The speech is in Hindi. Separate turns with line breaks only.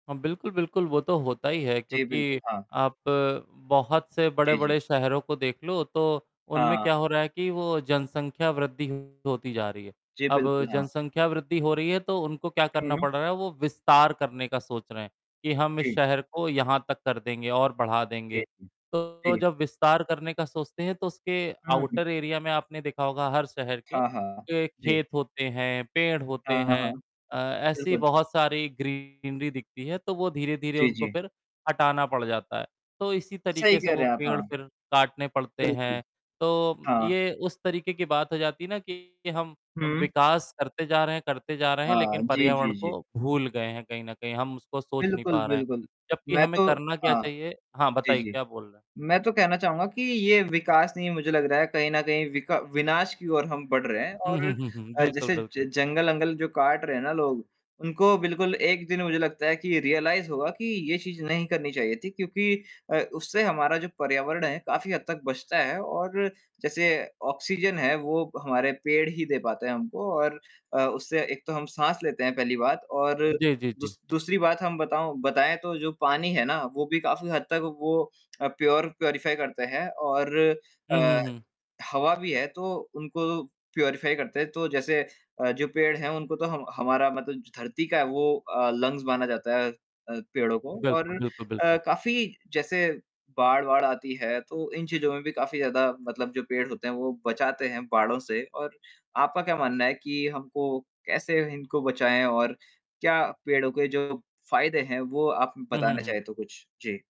हाँ, बिल्कुल, बिल्कुल वो तो होता ही है,
जी,
क्योंकि
बिल्कुल, हाँ।
आप बहुत से
जी, जी।
बड़े-बड़े शहरों को देख लो, तो उनमें
हाँ।
क्या हो रहा है कि वो जनसंख्या वृद्धि होती जा रही है।
जी,
अब
बिल्कुल, हाँ।
जनसंख्या वृद्धि हो रही है, तो उनको क्या करना
हुँ।
पड़ रहा है? वो विस्तार करने का सोच रहे हैं कि हम इस
जी।
शहर को यहाँ तक कर देंगे और बढ़ा देंगे,
जी।
तो
जी।
जब विस्तार करने का सोचते हैं, तो उसके
हुँ।
आउटर एरिया में आपने देखा होगा हर शहर के
हाँ, हाँ, जी।
खेत होते हैं, पेड़ होते
हाँ,
हैं,
हाँ।
अ, ऐसी
बिल्कुल।
बहुत सारी ग्रीनरी दिखती है तो वो धीरे-धीरे
जी,
उनको
जी।
फ़िर हटाना पड़ जाता है। तो इसी
सही
तरीक़े से
कह
वो
रहे हैं आप।
पेड़
हाँ
फ़िर काटने पड़ते हैं,
बिल्कुल।
तो
हाँ।
ये उस तरीक़े की बात हो जाती है ना कि हम
हुँ।
विकास करते जा रहे हैं, करते जा रहे हैं
हाँ
लेक़िन
जी,
पर्यावरण
जी, जी।
को भूल गए हैं कहीं न कहीं। हम उसको सोच नहीं
बिल्कुल,
पा रहे हैं
बिल्कुल।
जबकि
मैं
हमें
तो
करना क्या
हाँ,
चाहिए हाँ,
जी,
बताइए
जी।
क्या बोल रहे हैं?
मैं तो कहना चाहूँगा कि ये विकास नहीं है मुझे लग रहा है कहीं न कहीं विका विनाश की ओर हम बढ़ रहे हैं
उ, हुँ,
और
हुँ, हुँ, हुँ।
अ, ज
बिल्कुल,
जैसे
बिल्कुल।
जंगल-अंगल जो काट रहे हैं ना लोग उनको बिल्कुल एक दिन मुझे लगता है कि रियलाइज़ होगा कि ये चीज़ नहीं करनी चाहिए थी क्योंकि अ, उससे हमारा जो पर्यावरण है काफ़ी हद तक बचता है और जैसे ऑक्सीज़न है वो हमारे पेड़ ही दे पाते हैं हमको और अ, उससे एक तो हम साँस लेते हैं पहली बात और
जी, जी, जी।
दूस दूसरी बात हम बताऊँ बताएँ तो जो पानी है ना वो भी काफ़ी हद तक वो अ, प्योर प्यूरीफ़ाई करते हैं और
हुँ,
अ,
हुँ, हुँ।
हवा भी है तो उनको प्यूरीफ़ाई करते हैं। तो जैसे अ, जो पेड़ हैं उनको तो हम हमारा मतलब धरती का है वो अ, लंग्स माना जाता है अ, पेड़ों को और
बिल्कुल, बिल्कुल, बिल्कुल।
अ, काफ़ी जैसे बाढ़-वाढ़ आती है तो इन चीज़ों में भी काफ़ी ज़्यादा मतलब जो पेड़ होते हैं, वो बचाते हैं बाढ़ों से और आपका क्या मानना है कि हमको कैसे इनको बचाएँ और क्या पेड़ों के जो फ़ायदे हैं वो आप
हुँ, हुँ,
बताना
हुँ।
चाहें तो कुछ? जी।